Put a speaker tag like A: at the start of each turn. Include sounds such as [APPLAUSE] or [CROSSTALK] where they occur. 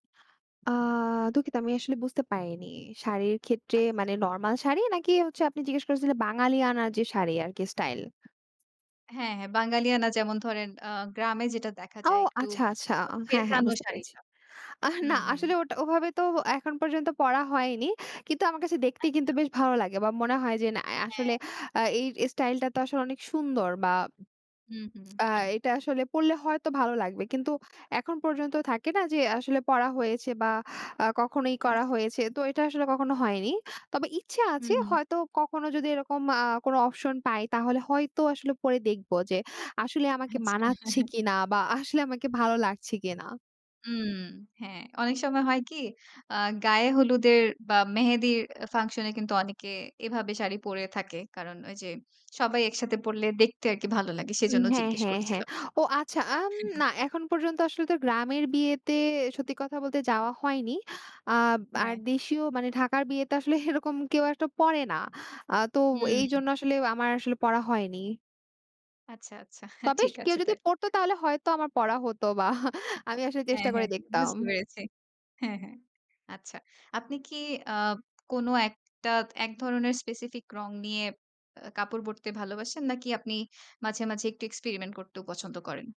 A: আ দুঃখিত আমি আসলে বুঝতে পারিনি। শাড়ির ক্ষেত্রে
B: আচ্ছা।
A: মানে নরমাল শাড়ি নাকি হচ্ছে আপনি জিজ্ঞেস করেছিলেন বাঙালিয়ানার যে শাড়ি আরকি স্টাইল?
B: হ্যাঁ, হ্যাঁ, বাঙালিয়ানা যেমন ধরেন আ গ্রামে যেটা দেখা
A: ও,
B: যায় একটু
A: আচ্ছা, আচ্ছা।
B: আ
A: আ হ্যাঁ, হ্যাঁ,
B: পেঁচানো
A: বুঝতে পেরেছি।
B: শাড়িটা।
A: আহ না
B: হুম, হুম।
A: আসলে ওটা ওভাবে তো এখন পর্যন্ত পরা হয়নি। কিন্তু আমার কাছে দেখতেই কিন্তু
B: আচ্ছা।
A: বেশ ভালো লাগে বা মনে হয় যে না, এ
B: হ্যাঁ।
A: আসলে আ এই স্টাইলটা তো আসলে অনেক সুন্দর বা [SMACKS LIPS]
B: হুম, হুম।
A: আ এটা আসলে পড়লে হয়তো ভালো লাগবে। কিন্তু এখন পর্যন্ত থাকে না? যে আসলে পরা হয়েছে বা আ কখনো ই করা
B: আচ্ছা।
A: হয়েছে। তো এটা আসলে কখনো হয়নি। তবে ইচ্ছে
B: হুম,
A: আছে
B: হুম।
A: হয়তো কখনো যদি এরকম আ কোনো অপশন পাই তাহলে হয়তো আসলে পরে দেখব যে আসলে আমাকে
B: আচ্ছা।
A: মানাচ্ছে
B: [CHUCKLES]
A: কিনা বা আসলে আমাকে ভালো লাগছে কিনা।
B: উম হ্যাঁ, অনেক সময় হয় কি? আ গায়ে হলুদের বা মেহেদির আ function এ কিন্তু অনেকে এভাবে শাড়ি পড়ে থাকে। কারণ ওইযে সবাই একসাথে পড়লে দেখতে আরকি ভালো লাগে।
A: উম
B: সেজন্য
A: হ্যাঁ,
B: জিজ্ঞেস
A: হ্যাঁ, হ্যাঁ।
B: করছিলাম।
A: ও আচ্ছা, আম
B: [CHUCKLES]
A: না এখন পর্যন্ত আসলে তো গ্রামের বিয়েতে সত্যি কথা বলতে যাওয়া হয়নি। আব আর
B: হ্যাঁ।
A: দেশীয় মানে ঢাকার বিয়েতে আসলে এরকম কেউ একটা পরে না। আ তো
B: উম
A: এইজন্য আসলে আমার আসলে পরা হয়নি।
B: আচ্ছা, আচ্ছা। হা
A: তবে
B: ঠিক
A: সে কেউ
B: আছে
A: যদি
B: তাইলে।
A: পড়তো তাহলে হয়তো আমার পড়া হয়তোবা [CHUCKLES] আমি আসলে চেষ্টা
B: হ্যাঁ,
A: করে
B: হ্যাঁ। বুঝতে
A: দেখতাম।
B: পেরেছি। হ্যাঁ, হ্যাঁ। আচ্ছা। আপনি কি আ কোন একটা এক ধরনের specific রং নিয়ে আ কাপড় পরতে ভালোবাসেন নাকি আপনি মাঝে, মাঝে একটু experiment করতেও পছন্দ করেন?